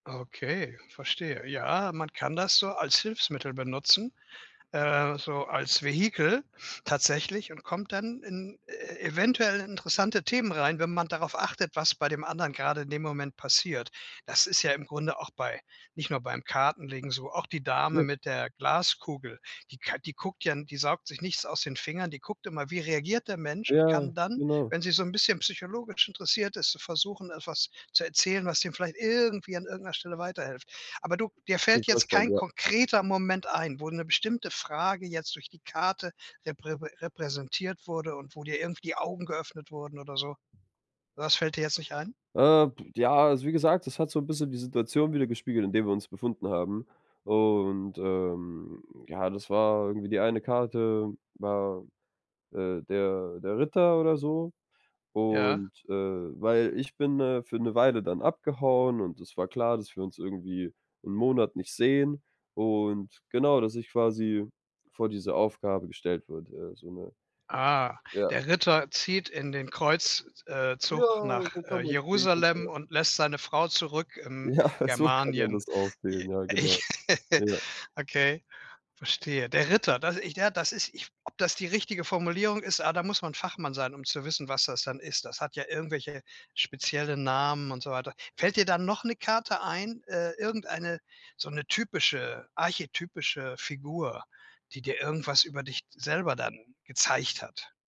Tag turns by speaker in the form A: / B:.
A: Okay, verstehe. Ja, man kann das so als Hilfsmittel benutzen, äh, so als Vehikel tatsächlich und kommt dann in e eventuell interessante Themen rein, wenn man darauf achtet, was bei dem anderen grade in dem Moment passiert. Das ist ja im Grunde auch bei nicht nur beim Kartenlegen so, auch die
B: Ja.
A: Dame mit der Glaskugel, die k die guckt ja n die saugt sich nichts aus den Fingern, die guckt immer, wie reagiert der Mensch und kann
B: Ja,
A: dann,
B: genau.
A: wenn sie so 'n bisschen psychologisch interessiert ist, versuchen, etwas zu erzählen, was dir vielleicht irgendwie an irgend 'ner Stelle weiterhilft. Aber du dir fällt
B: [unintelligible]
A: jetzt kein
B: Ja.
A: konkreter Moment ein, wo 'ne bestimmte Frage jetzt durch die Karte reprä repräsentiert wurde und wo dir irgendwie die Augen geöffnet wurden oder so. Sowas fällt dir jetzt nicht ein?
B: Äh, p ja, also wie gesagt, das hat so 'n bisschen die Situation widergespiegelt, in der wir uns befunden haben. Und, ähm, ja, das war irgendwie die eine Karte, war, äh, der der Ritter oder so.
A: Ja.
B: Und, äh weil ich bin, äh, für 'ne Weile dann abgehauen, und es war klar, dass wir uns irgendwie 'n Monat nicht sehen. Und genau, dass ich quasi vor diese Aufgabe gestellt wurde, ja, so 'ne,
A: Ah.
B: ja.
A: Der Ritter zieht in den Kreuz äh
B: Ja,
A: zug nach,
B: so
A: äh,
B: kann man's sehen, ja.
A: Jerusalem und lässt seine Frau zurück im
B: Ja, so kann man
A: Germanien.
B: das auch sehen. Ja, genau.
A: Ich
B: Ja.
A: okay, verstehe. Der Ritter, das ich, ja, das ist ich ob das die richtige Formulierung ist? Ah, da muss man Fachmann sein, um zu wissen, was das dann ist. Das hat ja irgendwelche spezielle Namen und so weiter. Fällt dir da noch 'ne Karte ein, äh, irgendeine so 'ne typische archetypische Figur, die dir irgendwas über dich selber dann gezeigt hat?